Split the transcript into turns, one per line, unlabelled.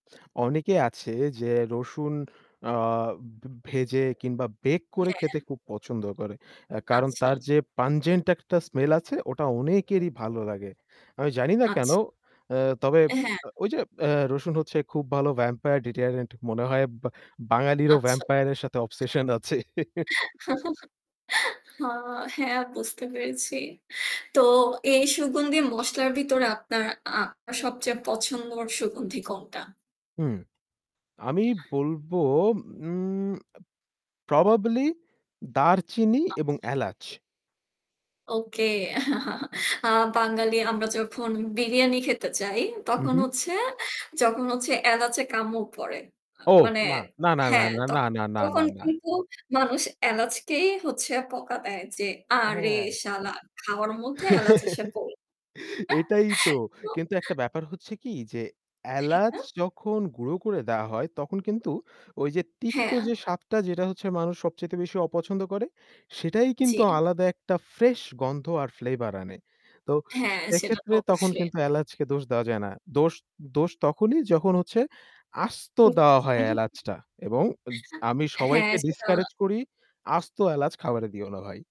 অনেকে আছে যে রসুন আ ভে ভেজে কিংবা bake করে খেতে
হ্যা।
খুব পছন্দ করে। আ কারণ
আচ্ছা।
তার যে pungent একটা smell আছে ওটা অনেকেরই ভালো লাগে। আমি জানি না কেন?
আচ্ছা।
আ তবে
হ্যাঁ।
ওই যে রসুন হচ্ছে খুব ভালো vampire deterrent মনে হয় বা বাঙালিরও
আচ্ছা।
vampire র সাথে obsession আছে।
হ্যাঁ, বুঝতে পেরেছি। তো এই সুগন্ধি মসলার ভিতরে আপনার আ সবচেয়ে পছন্দ সুগন্ধি কোনটা?
হুম। আমি বলবো উম আ probably দারচিনি এবং
আচ্ছা।
এলাচ।
ওকে। আ বাঙালি আমরা যখন বিরিয়ানি খেতে যাই তখন
উহু।
হচ্ছে যখন হচ্ছে এলাচে কামড় পড়ে। আ
ও,
মানে
না, না, না, না,
হ্যাঁ,
না,
তখ
না, না, না, না,
তখন
না।
কিন্তু মানুষ এলাচকেই হচ্ছে বকা দেয় যে "আরে
হ্যাঁ।
শালা খাওয়ার মধ্যে এলাচ এসে পড়ে।"
এটাই তো।
তো
কিন্তু একটা ব্যাপার হচ্ছে কি? যে এলাচ
হ্যাঁ।
যখন গুঁড়ো করে দেওয়া হয় তখন কিন্তু ওই যে তিক্ত
হ্যাঁ।
যে স্বাদটা যেটা হচ্ছে মানুষ সবচাইতে বেশি অপছন্দ করে সেটাই কিন্তু
জ্বী।
আলাদা একটা ফ্রেশ গন্ধ আর flavour আনে। তো
হ্যাঁ, সেটা তো
সেক্ষেত্রে তখন
অবশ্যই।
কিন্তু এলাচকে দোষ দেওয়া যায় না। দোষ দোষ তখনই যখন হচ্ছে আস্ত
হুম।
দেওয়া হয়
উহু।
এলাচটা। এবং এয আমি
হ্যাঁ,
সবাইকে
সেটা
discourage করি "আস্ত এলাচ খাবারে দিও না ভাই।"